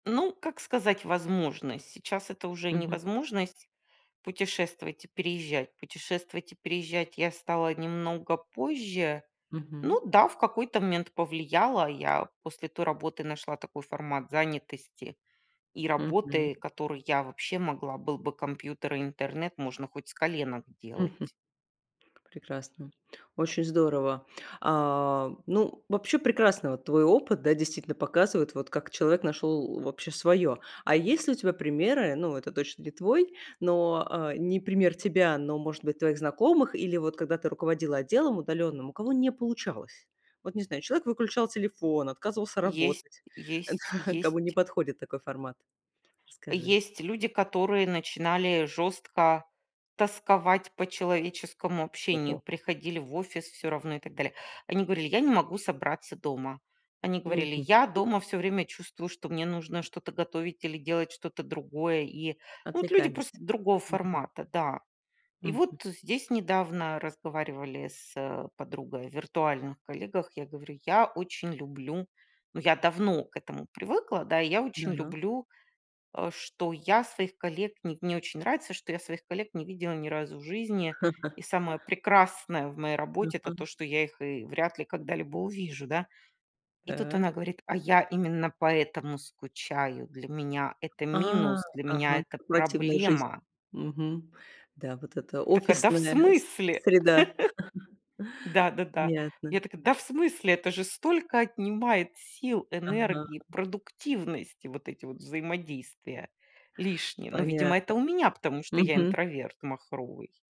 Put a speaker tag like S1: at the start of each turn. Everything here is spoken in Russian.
S1: Ну, как сказать, возможность. Сейчас это уже не
S2: Мгм.
S1: возможность путешествовать и переезжать. Путешествовать и переезжать я стала немного позже. Ну
S2: Мгм.
S1: да, в какой-то момент повлияла. Я после той работы нашла такой формат занятости и
S2: Мгм.
S1: работы, которую я вообще могла. Был бы компьютер и интернет, можно хоть с коленок
S2: Мгм.
S1: делать.
S2: Прекрасно, очень здорово! А, ну, вообще прекрасно, вот твой опыт, да, действительно показывает, вот как человек нашел, э, вообще своё. А есть ли у тебя примеры, ну, это точно не твой, но, э, не пример тебя, но, может быть, твоих знакомых, или вот когда ты руководила отделом удаленным, у кого не получалось? Вот не знаю, человек выключал телефон, отказывался
S1: Есть
S2: работать.
S1: есть
S2: Да, кому не
S1: есть.
S2: подходит такой формат? Расскажи.
S1: Есть люди, которые начинали жёстко тосковать по человеческому общению,
S2: Ого!
S1: приходили в офис всё равно и так далее. Они говорили: "Я не могу собраться дома". Они говорили:
S2: Мгм.
S1: "Я дома всё время чувствую, что мне нужно что-то готовить или делать что-то другое". И, ну вот, люди просто
S2: Отвлекались.
S1: другого
S2: Мгм.
S1: формата, да. И
S2: Мгм.
S1: вот здесь недавно разговаривали с, э, подругой о виртуальных коллегах. Я говорю: "Я очень люблю", ну, я давно к этому привыкла, да. И я очень
S2: Да-да.
S1: люблю, э, что я своих коллег не в мне очень нравится, что я своих коллег не видела ни разу в жизни. И самое прекрасное в моей работе, это
S2: Ага.
S1: то, что я их и вряд ли когда-либо увижу, да. И тут
S2: Та.
S1: она говорит: "А я именно поэтому скучаю, для меня это
S2: А!
S1: минус! Для меня
S2: Ага.
S1: это
S2: Корпоративная жизнь.
S1: проблема!"
S2: Мгм. Да, вот это
S1: Так, а, да в
S2: офисная с
S1: смысле?
S2: среда.
S1: Да-да-да.
S2: Понятно.
S1: Я такая: "Да в смысле?" Это же столько отнимает сил,
S2: Ага.
S1: энергии, продуктивности, вот эти вот взаимодействия лишние. Ну, видимо, это
S2: Понятно.
S1: у меня, потому что я
S2: Мгм.
S1: интроверт махровый.